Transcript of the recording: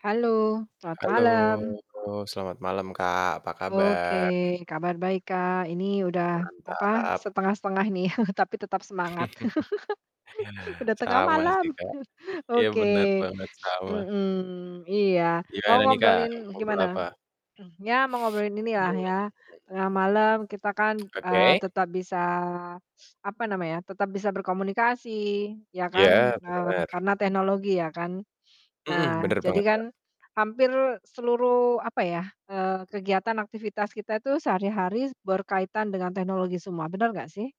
Halo, H selamat halo, malam. selamat malam, Kak, apa Oke, kabar? kabar baik, Kak. Ini udah apa, Mantap. setengah-setengah nih, tapi tetap semangat. Udah tengah Sama sih, malam. Kak. Iya, benar Oke. banget, sama. Mmm. Iya, mau Gimana nih, Kak, mau ngobrolin ngobrol gimana? apa? Mmm, ya mau ngobrolin Mmm inilah ya, mmm. tengah malam kita kan, eee, Oke. tetap bisa apa namanya, tetap bisa berkomunikasi, ya Iya, kan, eee, benar. karena teknologi ya kan. Mhm, Nah, benar jadi banget, kan Kak. hampir seluruh apa ya, eee, kegiatan aktivitas kita itu sehari-hari berkaitan dengan teknologi semua. Bener nggak sih?